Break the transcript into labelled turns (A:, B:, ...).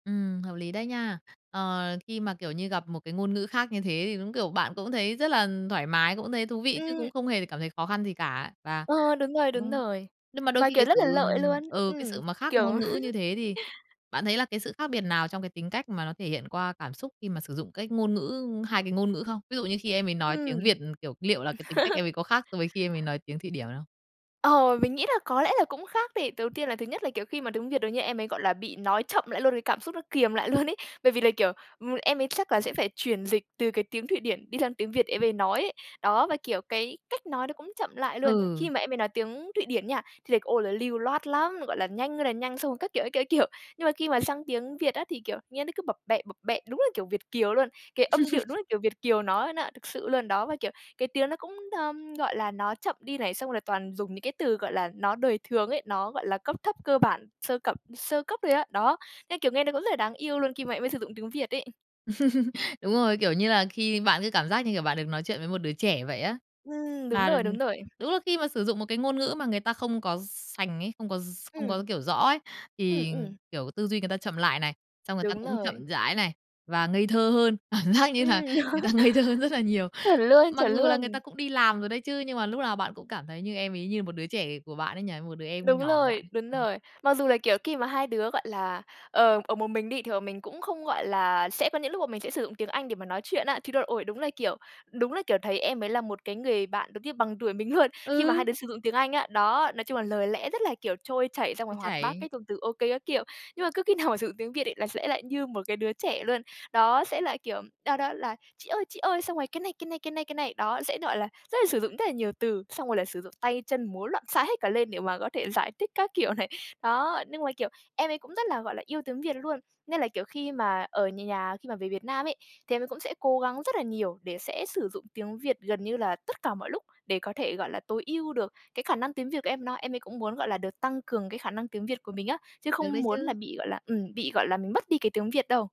A: Ừm, hợp lý đấy nha. Ờ, khi mà, kiểu như, gặp một cái ngôn ngữ khác như thế thì đúng, kiểu, bạn cũng thấy rất là thoải mái, cũng thấy thú vị chứ cũng
B: Ừm.
A: không hề cảm thấy khó khăn gì cả. Và,
B: Ờ, đúng rồi, đúng
A: ừm,
B: rồi.
A: nhưng mà đôi
B: Mà,
A: khi cái
B: kiểu, rất
A: sự,
B: là lợi luôn.
A: ừ, cái
B: Ừm,
A: sự mà khác
B: kiểu
A: ngôn ngữ như thế thì bạn thấy là cái sự khác biệt nào trong cái tính cách mà nó thể hiện qua cảm xúc khi mà sử dụng cái ngôn ngữ hai cái ngôn ngữ không? Ví dụ như khi em ấy nói
B: Ừm.
A: tiếng Việt, kiểu, liệu là cái tính cách em ấy có khác so với khi em ấy nói tiếng Thụy Điển không?
B: Ờ, mình nghĩ là có lẽ là cũng khác đi. Đầu tiên là thứ nhất là, kiểu, khi mà tiếng Việt được như em ấy, gọi là, bị nói chậm lại luôn, cái cảm xúc nó kiềm lại luôn ấy. Bởi vì là, kiểu, ưm, em ấy chắc là sẽ phải chuyển dịch từ cái tiếng Thụy Điển đi sang tiếng Việt em ấy nói ấy. Đó, và, kiểu, cái cách nói nó cũng chậm lại luôn. Khi
A: Ừ.
B: mà em ấy nói tiếng Thụy Điển nha, thì lại, ô, là lưu loát lắm, gọi là, nhanh ơi là nhanh xong rồi các kiểu, các kiểu, nhưng mà khi mà sang tiếng Việt á thì, kiểu, nghe nó cứ bập bẹ, bập bẹ đúng là, kiểu, Việt kiều luôn, cái âm điệu đúng là, kiểu, Việt kiều nói luôn á, thực sự luôn. Đó, và, kiểu, cái tiếng nó cũng, ơ, gọi là, nó chậm đi này, xong rồi là toàn dùng những cái từ, gọi là, nó đời thường ấy, nó, gọi là, cấp thấp cơ bản sơ cập sơ cấp thôi á. Đó, nên, kiểu, nghe nó cũng rất là đáng yêu luôn khi mà em ấy sử dụng tiếng Việt ấy.
A: Đúng rồi, kiểu, như là khi bạn cứ cảm giác như, kiểu, bạn được nói chuyện với một đứa trẻ vậy á.
B: Ừm, đúng
A: Mà
B: rồi, đúng rồi.
A: đúng là khi mà sử dụng một cái ngôn ngữ mà người ta không có s sành ấy, không có s không
B: Ừm.
A: có, kiểu, rõ ấy,
B: Ừm
A: thì,
B: ừm.
A: kiểu, tư duy người ta chậm lại này, xong người ta
B: Đúng
A: cũng
B: rồi.
A: chậm rãi này, và ngây thơ hơn. Cảm giác như là
B: Ừm,
A: người ta ngây thơ hơn rất là nhiều.
B: chuẩn luôn,
A: Mặc
B: chuẩn
A: dù là người ta
B: luôn.
A: cũng đi làm rồi đấy chứ, nhưng mà lúc nào bạn cũng cảm thấy như em ấy như một đứa trẻ của bạn ấy nhỉ, một đứa em
B: Đúng
A: nhỏ của bạn
B: rồi,
A: ấy.
B: đúng
A: Ừm.
B: rồi. Mặc dù là, kiểu, khi mà hai đứa, gọi là, ờ, ở một mình đi thì bọn mình cũng không, gọi là, sẽ có những lúc mình sẽ sử dụng tiếng Anh để mà nói chuyện á, thì đo ôi, đúng là, kiểu đúng là, kiểu, thấy em ấy là một cái người bạn giống như bằng tuổi mình luôn, khi mà hai
A: Ừ.
B: đứa sử dụng tiếng Anh á, đó, nói chung là lời lẽ rất là, kiểu, trôi chảy xong
A: Trôi
B: rồi hoạt bát
A: chảy.
B: cái dùng từ ô kê các kiểu. Nhưng mà cứ khi nào mà sử dụng tiếng Việt ấy là sẽ lại như một cái đứa trẻ luôn. Đó sẽ là, kiểu, đó, đó là "chị ơi, chị ơi" xong rồi "cái này, cái này, cái này, cái này". Đó sẽ, gọi là, rất là sử dụng rất là nhiều từ, xong rồi lại sử dụng tay chân múa loạn xạ hết cả lên để mà có thể giải thích các kiểu này. Đó, nhưng mà, kiểu, em ấy cũng rất là, gọi là, yêu tiếng Việt luôn. Nên là kiểu khi mà ở nh nhà khi mà về Việt Nam ấy, thì em cũng sẽ cố gắng rất là nhiều để sẽ sử dụng tiếng Việt gần như là tất cả mọi lúc để có thể, gọi là, tối ưu được cái khả năng tiếng Việt của em nó. Em ấy cũng muốn, gọi là, được tăng cường cái khả năng tiếng Việt của mình á, chứ
A: Được
B: không
A: đấy
B: muốn là
A: chứ.
B: bị, gọi là, ừm, bị, gọi là, mình mất đi cái tiếng Việt đâu.